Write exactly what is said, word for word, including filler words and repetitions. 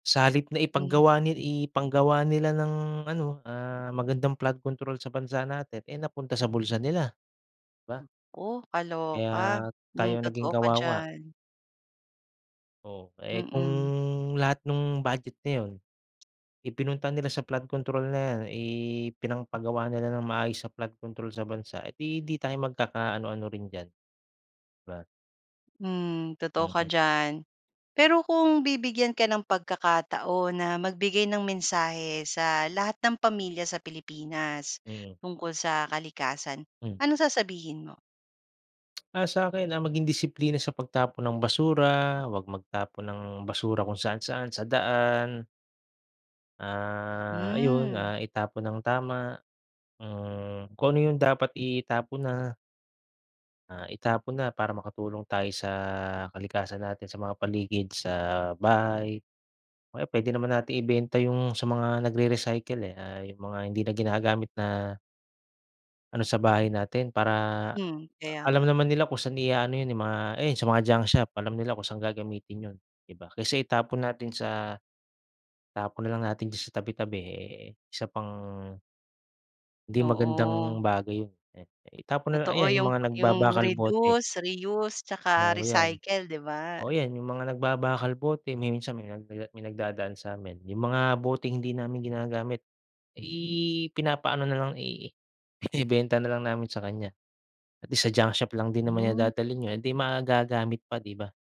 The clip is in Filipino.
Sa halip na Hmm. ipaggawa ni ipanggawa nila ng ano, ah, magandang flood control sa bansa natin, eh napunta sa bulsa nila, di ba? Ooh, kaloka. Kaya Hmm, tayo naging totoo ka kawawa. diyan. Ooh, eh, kung Mm. lahat nung budget na 'yon, ipinunta nila sa flood control na 'yan, ipinangpagawa nila ng maayos sa flood control sa bansa, edi 'di tayo magkaka-ano-ano rin diyan, di ba? Hmm, totoo ka Mm. diyan. Pero kung bibigyan ka ng pagkakataon na magbigay ng mensahe sa lahat ng pamilya sa Pilipinas, Mhm. tungkol sa kalikasan, Hmm. anong sasabihin mo? Ah, sa’kin, ah, maging disiplina sa pagtapon ng basura, huwag magtapon ng basura kung saan-saan, sa daan ah, ayun, Hmm. ah, itapon ng tama, hmm, kung ano yung dapat itapon na ah, itapon na, para makatulong tayo sa kalikasan natin, sa mga paligid, sa bahay. O kaya pwede naman nating ibenta yung sa mga nagrere-recycle eh, ah, yung mga hindi na ginagamit na ano sa bahay natin. Para Hmm, kaya alam nga. naman nila kung saan i-a-ano 'yon eh, mga ayun, sa mga junk shop. Alam nila kung saan gagamitin yun, di ba? Kaysa itapon natin sa itapon na lang natin diyan sa tabi-tabi, eh isa pang, 'di Oo. magandang bagay 'yon eh. Itapon na Totoo. ayan, yung Yung mga yung nagbabakal, bote. reduce, reuse tsaka Oo 'yan. recycle, di ba? Oo yan, yung mga nagbabakal bote. Minsan may may nagdadaan sa'min. Yung mga boteng hindi namin ginagamit, i pina-paano na lang, i ibenta na lang namin sa kanya at sa junk shop lang din naman niya Hmm. dadalhin 'yo'n, edi magagamit pa, di ba?